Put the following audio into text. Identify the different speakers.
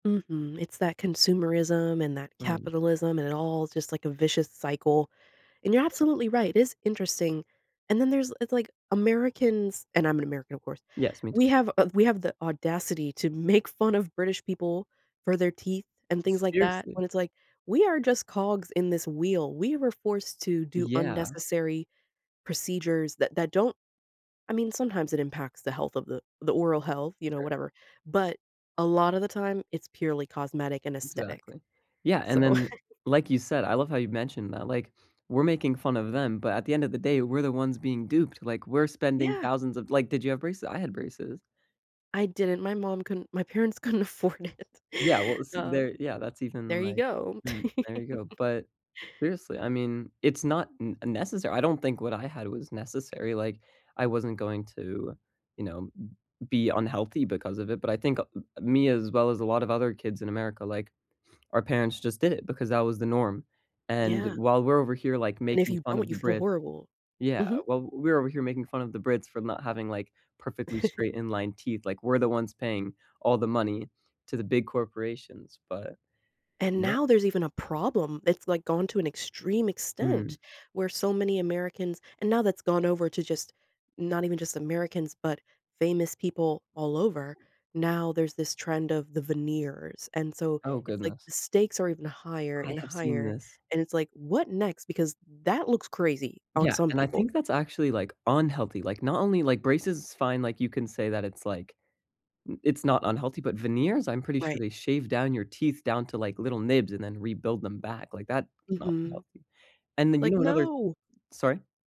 Speaker 1: Mhm, it's that consumerism and that
Speaker 2: Mm.
Speaker 1: capitalism, and it all just like a vicious cycle, and you're absolutely right, it is interesting. And then there's it's like Americans- and I'm an American, of course-
Speaker 2: Yes, me too.
Speaker 1: we have a we have the audacity to make fun of British people for their teeth and things like that,
Speaker 2: Seriously?
Speaker 1: when it's like, we are just cogs in this wheel, we were forced to do
Speaker 2: Yeah.
Speaker 1: unnecessary procedures that that don't I mean, sometimes it impacts the health of the the oral health, you know,
Speaker 2: Sure.
Speaker 1: whatever, but a lotta the time it's purely cosmetic and aesthetic.
Speaker 2: Exactly. Yeah, and
Speaker 1: So
Speaker 2: then, like you said, I love how you've mentioned that, like, we're making fun of them, but at the end of the day, we're the ones being duped, like, we're spending
Speaker 1: Yeah.
Speaker 2: thousands of like, did you have braces? I had braces.
Speaker 1: I didn't, my mom couldn't my parents couldn't afford
Speaker 2: Yeah, well,
Speaker 1: it.
Speaker 2: it's
Speaker 1: Oh.
Speaker 2: there, yeah, that's even
Speaker 1: There you
Speaker 2: like
Speaker 1: go.
Speaker 2: mm, there you go, but seriously, I mean, it's not n necessary, I don't think what I had was necessary, like, I wasn't going to, you know, b be unhealthy because of it, but I think a a me as well as a lot of other kids in America, like, our parents just did it because that was the norm, and
Speaker 1: Yeah.
Speaker 2: while we're over here like
Speaker 1: And if
Speaker 2: making
Speaker 1: you
Speaker 2: fun
Speaker 1: don't,
Speaker 2: of
Speaker 1: you
Speaker 2: the
Speaker 1: feel
Speaker 2: Brits
Speaker 1: horrible.
Speaker 2: Yeah,
Speaker 1: Mhm.
Speaker 2: well, we're over here making fun of the Brits for not having, like, perfectly straight inline teeth, like, we're the ones paying all the money to the big corporations, but
Speaker 1: And
Speaker 2: yeah.
Speaker 1: now there's even a problem, it's, like, gone to an extreme
Speaker 2: Mhm.
Speaker 1: extent, where so many Americans and now that's gone over to just not even just Americans, but famous people all over. Now there's this trend of the veneers, and so
Speaker 2: Oh
Speaker 1: it's like
Speaker 2: goodness.
Speaker 1: the stakes are even higher
Speaker 2: I
Speaker 1: and
Speaker 2: have seen
Speaker 1: higher,
Speaker 2: this.
Speaker 1: and it's like, what next? Because that looks crazy on
Speaker 2: Yeah,
Speaker 1: some
Speaker 2: and I
Speaker 1: people.
Speaker 2: think that's actually, like, unhealthy, like, not only, like, braces fine, like, you can say that it's like, i it's not unhealthy, but veneers, I'm pretty sure
Speaker 1: Right.
Speaker 2: they shave down your teeth down to, like, little nibs and then rebuild them back, like, that is not
Speaker 1: Mhm.
Speaker 2: healthy, and then you
Speaker 1: Like,
Speaker 2: know another
Speaker 1: no.
Speaker 2: sorry?